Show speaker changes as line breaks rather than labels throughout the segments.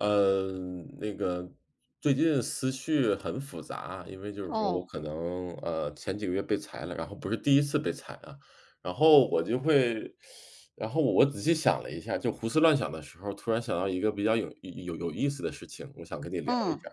呃，那个最近思绪很复杂，因为就是说我
哦。
可能，呃，前几个月被裁了，然后不是第1次被裁啊。然后我就会，然后我仔细想了一下，就胡思乱想的时候，突然想到一个比较有有有意思的事情，我想跟你聊一
嗯，
下。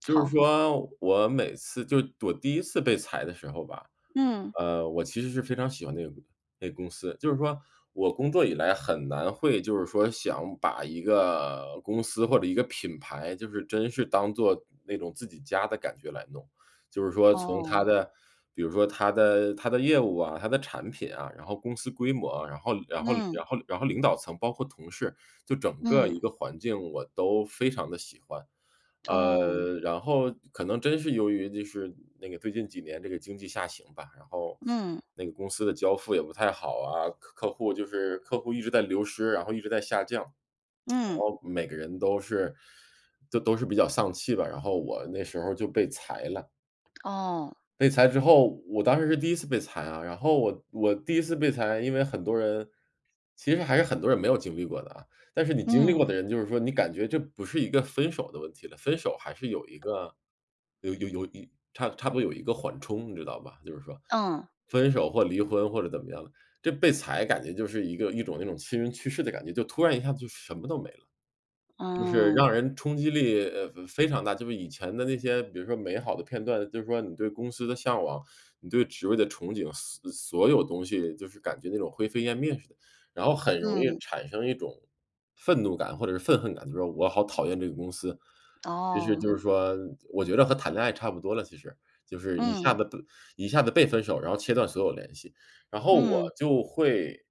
就是
好。
说我每次就我第1次被裁的时候吧，
嗯。
呃，我其实是非常喜欢那个那个公司。就是说，我工作以来很难会就是说想把一个公司或者一个品牌就是真是当做那种自己家的感觉来弄。就是说从它
哦。
的比如说它的它的业务啊，它的产品啊，然后公司规模，然后然后
嗯。
然后然后领导层包括同事，就整个
嗯。
一个环境，我都非常地喜欢。
哦。
呃，然后可能真是由于就是那个最近几年这个经济下行吧，然后
嗯。
那个公司的交付也不太好啊，客客户就是客户一直在流失，然后一直在下降，然
嗯。
后每个人都是都都是比较丧气吧，然后我那时候儿就被裁了。
哦。
被裁之后，我当时是第1次被裁啊，然后我我第1次被裁，因为很多人其实还是很多人没有经历过的啊。但是你经历过
嗯。
的人就是说你感觉这不是一个分手的问题了，分手还是有一个有有有差差不多有一个缓冲，你知道吧？就是说。
嗯。
分手或离婚或者怎么样的，就被裁感觉就是一个一种那种亲人去世的感觉，就突然一下就什么都没了，就是
嗯。
让人冲击力，呃，非常大。就是以前的那些，比如说美好的片段，就是说你对公司的向往，你对职位的憧憬，所所有东西就是感觉那种灰飞烟灭似的，然后很容易
嗯。
产生一种愤怒感或者是愤恨感，就说我好讨厌这个公司。其实就
哦。
是说我觉得和谈恋爱差不多了，其实。就是一下
嗯。
子一下子被分手，然后切断所有联系。然后我
嗯。
就会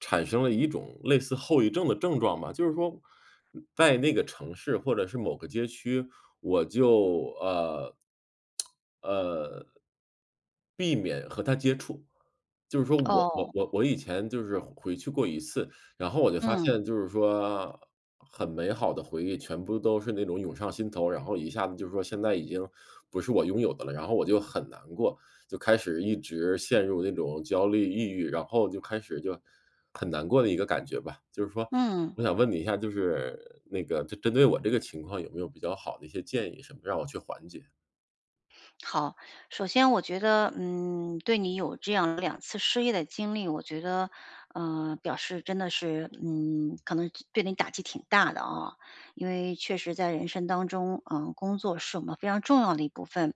产生了一种类似后遗症的症状吧，就是说在那个城市或者是某个街区，我就，呃，呃避免和它接触。就是说我我
哦。
我我以前就是回去过一次，然后我就发
嗯。
现就是说很美好的回忆全部都是那种涌上心头，然后一下子就说现在已经不是我拥有的了，然后我就很难过。就开始一直陷入那种焦虑抑郁，然后就开始就很难过的一个感觉吧。就是说
嗯。
我想问你一下，就是那个针针对我这个情况有没有比较好的一些建议，什么让我去缓解？
好，首先我觉得，嗯，对你有这样2次失业的经历，我觉得，呃，表示真的是嗯，可能对你打击挺大的啊，因为确实在人生当中，呃，工作是我们非常重要的一部分。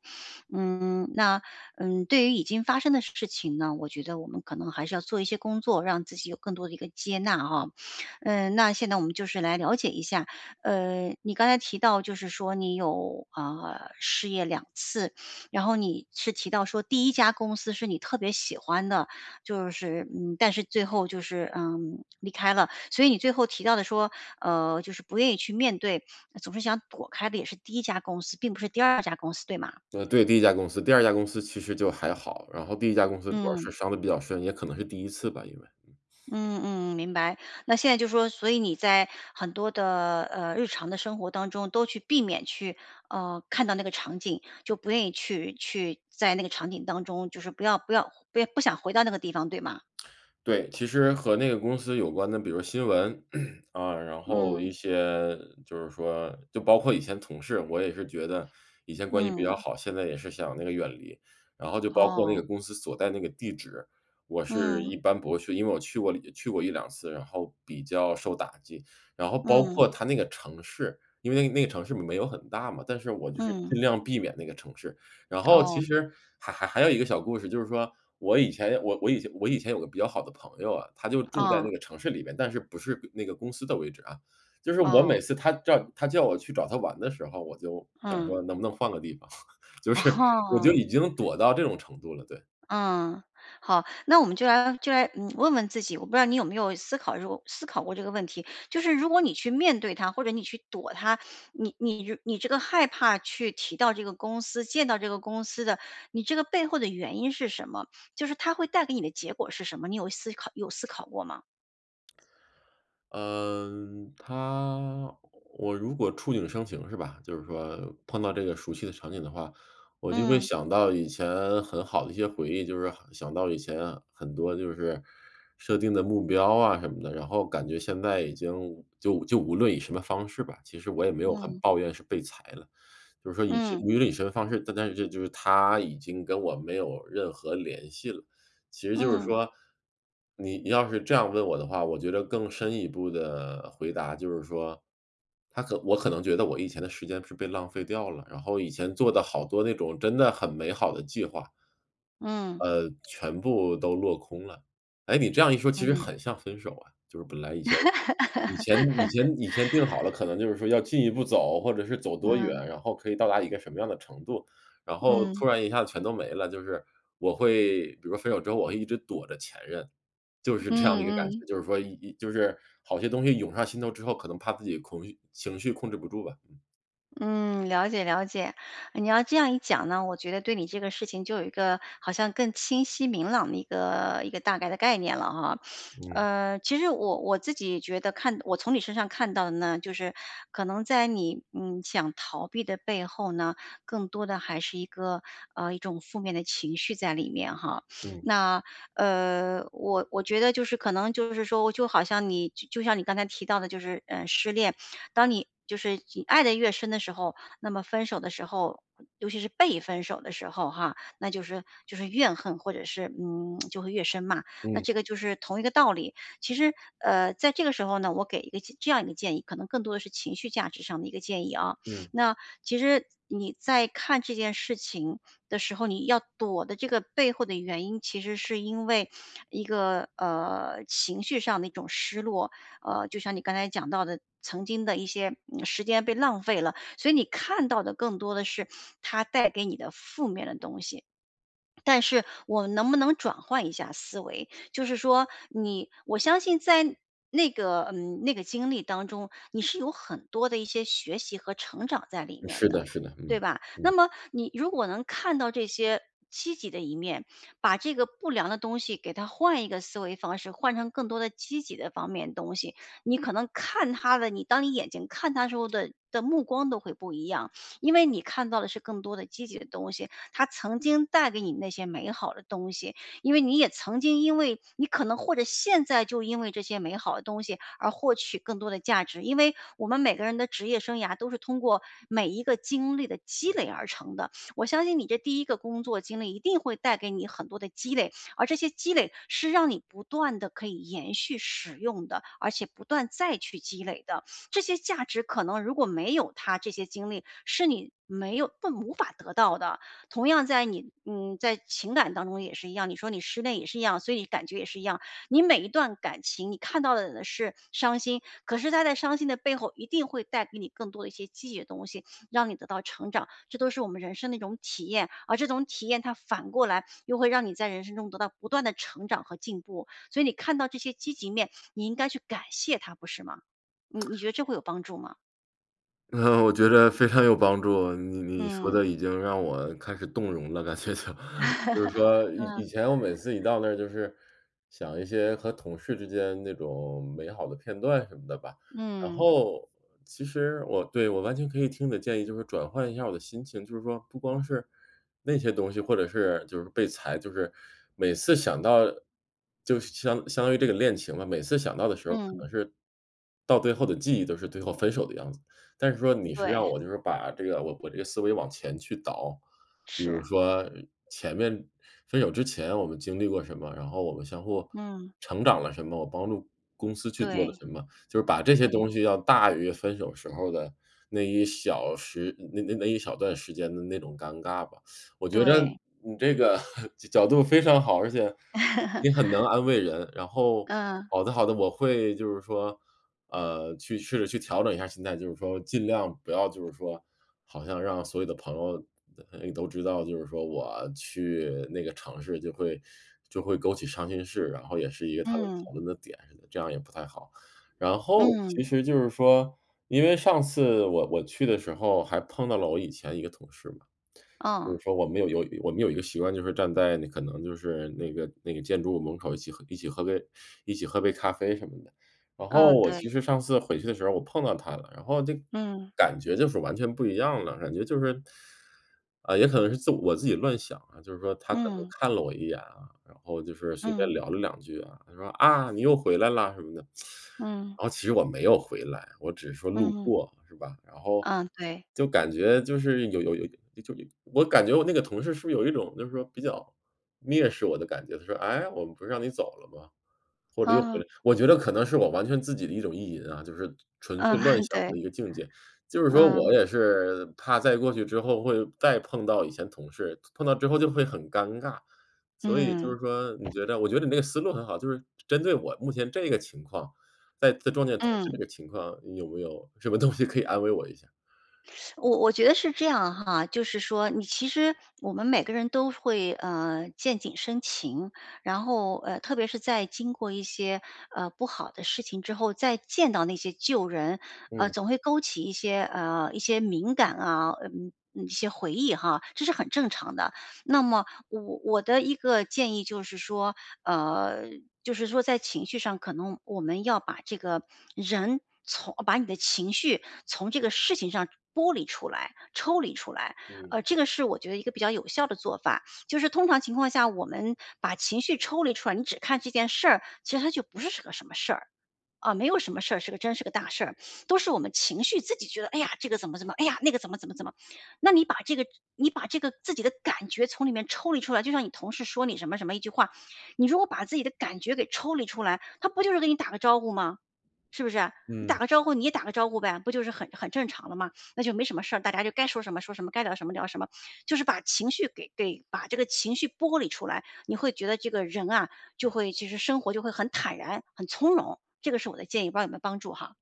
嗯，那，嗯，对于已经发生的事情呢我觉得我们可能还是要做一些工作，让自己有更多的一个接纳啊。嗯，那现在我们就是来了解一下，呃，你刚才提到就是说你有，啊，失业2次，然后你是提到说第1家公司是你特别喜欢的，就是，嗯，但是最后就是，嗯，离开了。所以你最后提到的说，呃，就是不愿意去面对，总是想躲开的也是第1家公司，并不是第2家公司对吗？
呃，对，第1家公司。第2家公司其实就还好，然后第1家公司主要
嗯。
是伤得比较深，也可能是第一次吧因为。
嗯嗯，明白。那现在就说，所以你在很多的，呃，日常的生活当中都去避免去，呃，看到那个场景，就不愿意去去在那个场景当中，就是不要不要不要不想回到那个地方，对吗？
对，其实和那个公司有关的比如新闻，啊，然后一
嗯。
些就是说就包括以前同事，我也是觉得以前关系比较
嗯。
好，现在也是想那个远离。然后就包括那个
哦。
公司所在那个地址，我是
嗯。
一般不会去，因为我去过呃，去过1-2次，然后比较受打击。然后包
嗯。
括它那个城市，因为那个城市没有很大嘛，但是我就是
嗯。
尽量避免那个城市。然后其
哦。
实还还还有一个小故事，就是说我以前我我以前我以前有个比较好的朋友啊，他就住在那
哦。
个城市里边，但是不是那个公司的位置啊。就是我
哦。
每次他叫他叫我去找他玩的时候我就想
嗯。
说：“能不能换个地方？“就是，我就
啊。
已经躲到这种程度了，对。
嗯，好，那我们就来就来，嗯，问问自己，我不知道你有没有思考这个思考过这个问题，就是如果你去面对它或者你去躲它，你你你这个害怕去提到这个公司，见到这个公司的，你这个背后的原因是什么？就是它会带给你的结果是什么？你有思考有思考过吗？
嗯，它我如果触景生情是吧，就是说碰到这个熟悉的场景的话，我就会
嗯。
想到以前很好的一些回忆。就是想到以前很多就是设定的目标啊什么的，然后感觉现在已经就就无论以什么方式吧，其实我也没有很
嗯。
抱怨是被裁了，就是说
嗯。
无论以什么方式。但但就是它已经跟我没有任何联系了，其实就是
嗯。
说，你要是这样问我的话，我觉得更深一步的回答就是说它可我可能觉得我以前的时间是被浪费掉了，然后以前做的好多那种真的很美好的计划
嗯。
呃，全部都落空了。诶，你这样一说其实
嗯。
很像分手啊，就是本来以前以前以前以前定好了，可能就是说要进一步走，或者是走多
嗯。
远，然后可以到达一个什么样的程度，然后
嗯。
突然一下全都没了。就是我会比如分手之后，我会一直躲着前任，就是这样的
嗯
一个感
嗯。
觉。就是说，呃呃，就是好些东西涌上心头之后，可能怕自己情绪情绪控制不住吧。
嗯，了解了解，你要这样一讲呢，我觉得对你这个事情就有一个好像更清晰明朗的一个一个大概的概念了哈。
嗯。
呃，其实我我自己觉得看我从你身上看到的呢，就是可能在你，嗯，想逃避的背后呢，更多的还是一个，呃，一种负面的情绪在里面哈。
嗯。
那，呃，我我觉得就是可能就是说，我就好像你就像你刚才提到的就是，呃，失恋，当你就是你爱得越深的时候，那么分手的时候，尤其是被分手的时候哈，那就是就是怨恨，或者是，嗯，就会越深嘛，那
嗯。
这个就是同一个道理。其实，呃，在这个时候呢，我给一个这样一个建议，可能更多的是情绪价值上的一个建议啊，
嗯。
那其实你在看这件事情的时候，你要躲的这个背后的原因，其实是因为一个，呃，情绪上的一种失落，呃，就像你刚才讲到的曾经的一些时间被浪费了，所以你看到的更多的是它带给你的负面的东西。但是我们能不能转换一下思维，就是说你，我相信在那个，嗯，那个经历当中，你是有很多的一些学习和成长在里面
是的
的，
是的，
对
嗯，
吧？那
嗯。
么你如果能看到这些积极的一面，把这个不良的东西给它换一个思维方式，换成更多的积极的方面的东西，你可能看它的，你当你眼睛看它的时候的的目光都会不一样，因为你看到的是更多的积极的东西，它曾经带给你那些美好的东西，因为你也曾经因为你可能或者现在就因为这些美好的东西而获取更多的价值，因为我们每个人的职业生涯都是通过每一个经历的积累而成的。我相信你这第1个工作经历一定会带给你很多的积累，而这些积累是让你不断地可以延续使用的，而且不断再去积累的。这些价值可能如果没有它这些经历是你没有无法得到的。同样在你，嗯，在情感当中也是一样，你说你失恋也是一样，所以感觉也是一样，你每一段感情，你看到的是伤心，可是它在伤心的背后一定会带给你更多的一些积极的东西，让你得到成长，这都是我们人生的一种体验，而这种体验它反过来又会让你在人生中得到不断的成长和进步，所以你看到这些积极面，你应该去感谢它不是吗？嗯，你觉 得这会有帮助吗？
嗯，我觉得非常有帮助。你你说
嗯。
的已经让我开始动容了感觉就。就是说 以以
嗯
前我每次一到那儿就是想一些和同事之间那种美好的片段什么的吧。然
嗯。
后其实我对，我完全可以听的建议，就是转换一下儿我的心情，就是说不光是那些东西，或者是就是被裁，就是每次想到就相相当于这个恋情吧，每次想到的时候可
嗯。
能是，到最后的记忆都是最后分手的样子。但是说你是让
对。
我就是把这个我我这个思维往前去倒，比
是
如
啊。
说前面，分手之前我们经历过什么，然后我们相互
嗯。
成长了什么，我帮助公司去做了
对。
什么，就是把这些
对。
东西要大于分手时候儿的那一小时，那那那一小段时间的那种尴尬吧。我觉得
对。
你这个 角度非常好。而且你很能 安慰人，然后，
嗯。
好的好的，我会就是说，呃，去试着去调整一下心态，就是说尽量不要就是说好像让所有的朋友，呃，都知道，就是说我去那个城市就会就会勾起伤心事，然后也是一个他们讨
嗯。
论的点，这样也不太好。然后，
嗯。
其实就是说，因为上次我我去的时候还碰到了我以前一个同事嘛。就是
哦。
说我们有有我们有一个习惯，就是站在你可能就是那个那个建筑物门口儿一起喝一起喝杯一起喝杯咖啡什么的。然后
嗯，
我
对。
其实上次回去的时候儿我碰到他了，然后就
嗯。
感觉就是完全不一样了，感觉就是，啊，也可能是自我自己乱想啊，就是说他可能
嗯。
看了我一眼啊，然后就是随便
嗯。
聊了两句啊，他说：“啊，你又回来啦！”什么的。
嗯。
然后其实我没有回来，我只是说路
嗯。
过是吧。然后，
嗯，对。
就感觉就是有有有就有我感觉我那个同事是不是有一种就是说比较蔑视我的感觉，他说：“哎，我们不让你走了吗？“或者又回
啊。
来。我觉得可能是我完全自己的一种意淫啊，就是纯
嗯，
粹乱 想
对。
的一个境界，就是说
嗯。
我也是怕再过去之后会再碰到以前同事，碰到之后就会很尴尬，所以就
嗯。
是说你觉得我觉得你那个思路很好，就是针对我目前这个情况，再再撞见同事这
嗯。
个情况，你有没有什么东西可以安慰我一下？
我我觉得是这样哈，就是说你其实我们每个人都会，呃，见景生情，然后，呃，特别是在经过一些，呃，不好的事情之后，再见到那些旧人，呃，
嗯。
总会勾起一些，呃，一些敏感啊，呃，一些回忆哈，这是很正常的。那么我我的一个建议就是说，呃，就是说在情绪上，可能我们要把这个人从把你的情绪从这个事情上剥离出来、抽离出来，
嗯。
呃，这个是我觉得一个比较有效的做法，就是通常情况下，我们把情绪抽离出来，你只看这件事儿，其实它就不是个什么事儿啊，没有什么事儿是个真是个大事儿，都是我们情绪自己觉得：“哎呀，这个怎么怎么，哎呀，那个怎么怎么怎么。”那你把这个你把这个自己的感觉从里面抽离出来，就像你同事说你什么什么一句话，你如果把自己的感觉给抽离出来，他不就是给你打个招呼吗？是不是？你打
嗯。
个招呼，你也打个招呼呗，不就是很很正常了吗？那就没什么事儿，大家就该说什么说什么，该聊什么聊什么，就是把情绪给给把这个情绪剥离出来，你会觉得这个人啊，就会就是生活就会很坦然、很从容，这个是我的建议，不知道有没有帮助哈。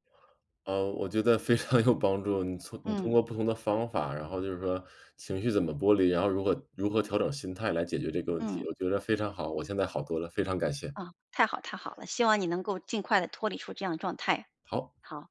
呃，我觉得非常有帮助，你从你通
嗯。
过不同的方法，然后就是说情绪怎么剥离，然后如何如何调整心态来解决这个问题，
嗯。
我觉得非常好，我现在好多了，非常感谢。
啊，太好太好了，希望你能够尽快地脱离出这样状态。
好。
好。